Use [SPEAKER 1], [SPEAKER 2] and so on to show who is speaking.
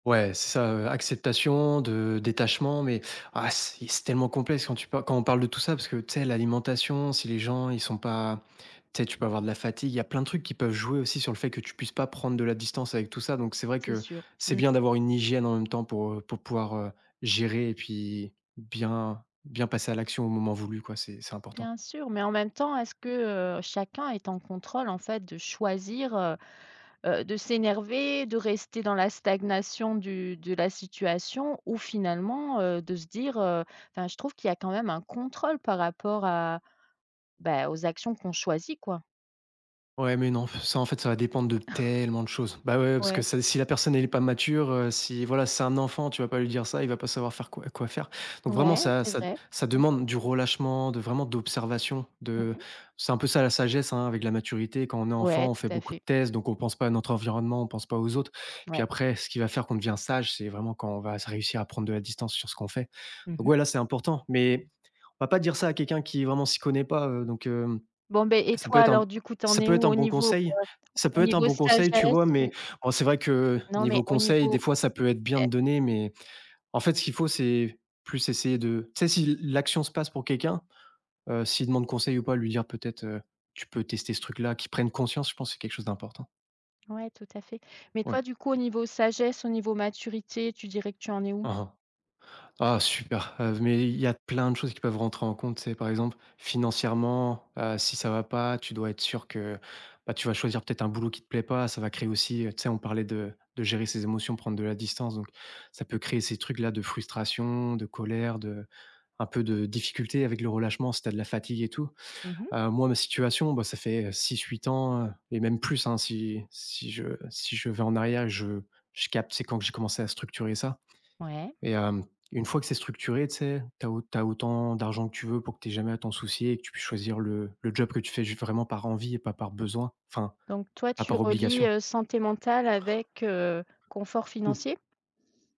[SPEAKER 1] Ouais, c'est ça, heu, acceptation de détachement, mais ah, si, c'est tellement complexe quand tu pa quand on parle de tout ça parce que tu sais, l'alimentation, si les gens ils sont pas tu sais, tu peux avoir de la fatigue, il y a plein de trucs qui peuvent jouer aussi sur le fait que tu puisses pas prendre de la distance avec tout ça. Donc c'est vrai
[SPEAKER 2] C'est
[SPEAKER 1] que
[SPEAKER 2] sûr.
[SPEAKER 1] c'est
[SPEAKER 2] Mmh.
[SPEAKER 1] bien d'avoir une hygiène en même temps pour, heu, pour pouvoir, heu, gérer et puis bien bien passer à l'action au moment voulu, quoi. C'est c'est important.
[SPEAKER 2] Bien sûr, mais en même temps, est-ce que, heu, chacun est en contrôle en fait, de choisir, heu heu, de s'énerver, de rester dans la stagnation du de la situation ou finalement, heu, de se dire, heu enfin, je trouve qu'il y a quand même un contrôle par rapport à, ben, aux actions qu'on choisit, quoi.
[SPEAKER 1] Ouais, mais, non, pff, ça, en fait, ça va dépendre de tellement de choses. Ben ouais, ouais, parce que,
[SPEAKER 2] Ouais.
[SPEAKER 1] ça c'est si la personne elle est pas mature, heu, si voilà, c'est un enfant, tu vas pas lui dire ça, il va pas savoir faire quoi quoi faire. Donc vraiment,
[SPEAKER 2] Ouais,
[SPEAKER 1] ça
[SPEAKER 2] c'est
[SPEAKER 1] ça
[SPEAKER 2] vrai.
[SPEAKER 1] ça
[SPEAKER 2] Mmh.
[SPEAKER 1] demande du relâchement, de vraiment, d'observation,
[SPEAKER 2] Mmh
[SPEAKER 1] de
[SPEAKER 2] mh.
[SPEAKER 1] c'est peu ça, la sagesse, hein, avec la maturité. Quand on est enfant,
[SPEAKER 2] Ouais,
[SPEAKER 1] on
[SPEAKER 2] tout
[SPEAKER 1] fait
[SPEAKER 2] à
[SPEAKER 1] beaucoup de
[SPEAKER 2] fait.
[SPEAKER 1] tests, donc on pense pas à notre environnement, on pense pas aux autres. Puis
[SPEAKER 2] Ouais.
[SPEAKER 1] après, ce qui va faire qu'on devient sage, c'est vraiment quand on va s réussir à prendre de la distance sur ce qu'on fait.
[SPEAKER 2] Mmh
[SPEAKER 1] Donc
[SPEAKER 2] mh.
[SPEAKER 1] ouais là, c'est important. Mais on va pas dire ça à quelqu'un qui vraiment s'y connaît pas, heu, donc, hem,
[SPEAKER 2] Bon ben, et
[SPEAKER 1] ça peut
[SPEAKER 2] toi
[SPEAKER 1] être un b
[SPEAKER 2] alors, du coup, tu en
[SPEAKER 1] ça
[SPEAKER 2] es
[SPEAKER 1] peut être
[SPEAKER 2] où
[SPEAKER 1] un
[SPEAKER 2] au
[SPEAKER 1] bon
[SPEAKER 2] niveau, heu,
[SPEAKER 1] conseil, ça peut
[SPEAKER 2] au
[SPEAKER 1] être un
[SPEAKER 2] niveau
[SPEAKER 1] bon conseil, tu
[SPEAKER 2] sagesse?
[SPEAKER 1] vois? Mais
[SPEAKER 2] Ou
[SPEAKER 1] en c'est vrai que
[SPEAKER 2] Non, mais
[SPEAKER 1] niveau
[SPEAKER 2] au
[SPEAKER 1] conseil, des
[SPEAKER 2] niveau
[SPEAKER 1] fois, ça peut être bien
[SPEAKER 2] è
[SPEAKER 1] de donner, mais en fait, ce qu'il faut c'est plus essayer de, tu sais, si l l'action se passe pour quelqu'un, heu, s'il demande conseil ou pas, lui, dire peut-être, heu: «Tu peux tester ce truc-là», qu'il prenne conscience, je pense c'est quelque chose d'important.
[SPEAKER 2] Ouais, tout à fait. Mais
[SPEAKER 1] Ouais.
[SPEAKER 2] toi, du coup, au niveau sagesse, au niveau maturité, tu dirais que tu en es où?
[SPEAKER 1] Hein, hein. Ah super, heu, mais il y a plein de choses qui peuvent rentrer en compte, tu sais? Par exemple, financièrement, heu, si ça va pas, tu dois être sûr que, ben, tu vas choisir peut-être un boulot qui te plaît pas, ça va créer aussi tu sais, on parlait de de gérer ses émotions, prendre de la distance, donc ça peut créer ces trucs là, de frustration, de colère, de un peu de difficulté avec le relâchement, si tu as de la fatigue et tout.
[SPEAKER 2] Mmh mh.
[SPEAKER 1] Heu, moi, ma situation, bah, ça fait 6-8 ans et même plus, hein, si si je si je vais en arrière et je je capte, tu sais, quand que j'ai commencé à structurer ça.
[SPEAKER 2] Ouais.
[SPEAKER 1] Et hem, une fois que c'est structuré, tu sais, tu as tu as autant d'argent que tu veux pour que tu aies jamais à t'en soucier et que tu puisses choisir le le job que tu fais juste vraiment par envie et pas par besoin enfin,
[SPEAKER 2] Donc toi,
[SPEAKER 1] pas
[SPEAKER 2] tu
[SPEAKER 1] par
[SPEAKER 2] relies,
[SPEAKER 1] obligation.
[SPEAKER 2] heu, santé mentale avec, heu, confort
[SPEAKER 1] Mmh.
[SPEAKER 2] financier?